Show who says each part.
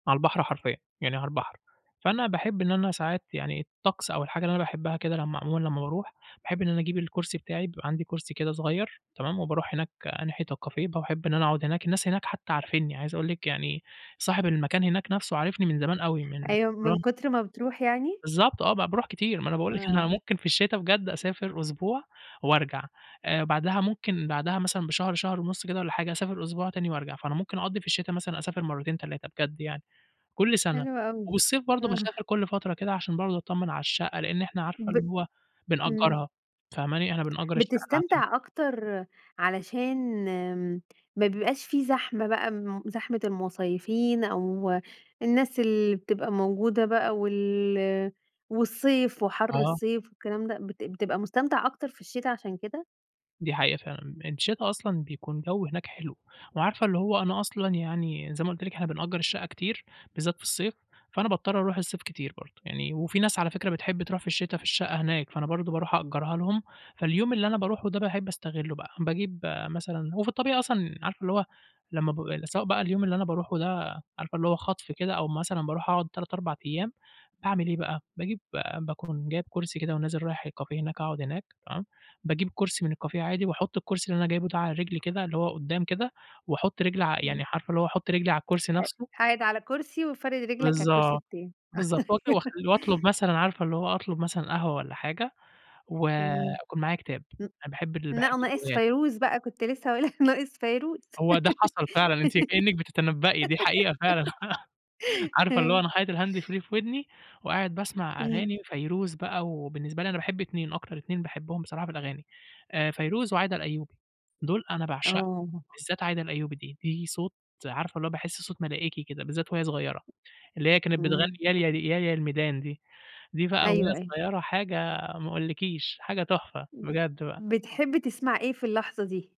Speaker 1: على البحر حرفيًا، يعني على البحر، فأنا باحب إن أنا ساعات يعني الطقس أو الحاجة اللي أنا باحبها كده، لمّا عمومًا لمّا باروح باحب إن أنا أجيب الكرسي بتاعي، بيبقى عندي كرسي كده صغير، تمام، وباروح هناك ناحية الكافيه باحب إن أنا أقعد هناك الناس هناك حتى عارفينّي، عايز أقول لِك يعني صاحب المكان هناك نفسُه عارِفني من زمان أوي، من
Speaker 2: أيوه من
Speaker 1: وأن
Speaker 2: كتر ما بتروح يعني؟
Speaker 1: بالضبط، آه ب باروح كتير ما أنا باقول لِك أنا
Speaker 2: آه.
Speaker 1: ممكن في الشتا بجد أسافر أسبوع وأرجع آآ، بعدها ممكن بعدها مثلًا بشهر، شهر ونص كده والَّا حاجة، أسافر أسبوع تاني وأرجع، فأنا ممكن أقضّي في الشتا مثلًا أسافر مرتين 3 بجد يعني، كل سنة،
Speaker 2: حلو أوي،
Speaker 1: والصيف برضه
Speaker 2: آه.
Speaker 1: باسافر كل فترة كده عشان برضه أطمّن على الشقة، لأن إحنا عارفة
Speaker 2: ب
Speaker 1: اللي هو
Speaker 2: إمم.
Speaker 1: بنأجّرها فاهماني؟ إحنا بنأجّر الشقة [unintelligible]
Speaker 2: بتستمتع أكتر علشان ما بيبقاش في زحمة بقى زحمة المصيفين، أو الناس اللي بتبقى موجودة بقى، وال والصيف وحر
Speaker 1: آه.
Speaker 2: الصيف والكلام ده، بت بتبقى مستمتع أكتر في الشتا عشان كده؟
Speaker 1: دي حقيقة فعلًا، الشتا أصلًا بيكون جو هناك حلو، وعارفة اللي هو أنا أصلًا يعني زي ما قُلت لِك، إحنا بنأجّر الشقة كتير، بالذات في الصيف، فأنا باضطّر أروح الصيف كتير برضه، يعني وفي ناس على فكرة بتحب تروح في الشتا في الشقة هناك، فأنا برضه باروح أأجرها لهم فاليوم اللي أنا باروحه ده باحب أستغلّه بقى، باجيب مثلًا هو في الطبيعي أصلًا عارفة اللي هو لمّا ب سواء بقى اليوم اللي أنا باروحه ده عارفة اللي هو خطف كده، أو مثلًا باروح أقعد 3، 4 أيام باعمل إيه بقى؟ باجيب باكون جايب كرسي كده ونازل رايح الكافيه هناك أقعد هناك، تمام، باجيب كرسي من الكافيه عادي واحط الكرسي اللي أنا جايبُه ده عليه رجلي كده اللي هو قدّام كده، واحط رجلي
Speaker 2: إمم.
Speaker 1: يعني عارفة اللي هو أحط رجلي على الكرسي
Speaker 2: ق
Speaker 1: نفسه.
Speaker 2: قاعد على كرسي وفارد رجلك على الكرسي
Speaker 1: بالضبط،
Speaker 2: التاني.
Speaker 1: بالضبط و [unintelligible] واطلب مثلًا عارفة اللي هو أطلب مثلًا قهوة والَّا حاجة، و
Speaker 2: إمم،
Speaker 1: يكون معايا كتاب
Speaker 2: ام
Speaker 1: أنا باحب باحب
Speaker 2: لأ ناقص
Speaker 1: الروايات.
Speaker 2: فيروز بقى كنت لسه هاقول لك ناقص فيروز،
Speaker 1: هو ده حصل فعلًا، أنتِ كأنِك بتتنبئي دي حقيقة فعلًا، عارفة اللي هو أنا
Speaker 2: همم.
Speaker 1: حاطط الهاند فري في ودني وقاعد باسمع
Speaker 2: إمم.
Speaker 1: أغاني فيروز بقى، وبالنسبة لي أنا باحب اتنين، أكتر اتنين باحبهم بصراحة في الأغاني آآ، فيروز وعايدة الأيوبي، دول أنا باعشقهم
Speaker 2: آه.
Speaker 1: بالذات عايدة الأيوبي دي دي صوت عارفة والله باحس صوت ملائكي كده، بالذات وهي صغيرة اللي هي كانت بتغني
Speaker 2: إمم.
Speaker 1: يا ياه يا الميدان دي، دي بقى
Speaker 2: أيوه،
Speaker 1: وهي
Speaker 2: أيوه.
Speaker 1: صغيرة حاجة ما اقولكيش، حاجة تحفة،
Speaker 2: إمم،
Speaker 1: بجد بقى.
Speaker 2: بتحب تسمع إيه في اللحظة دي؟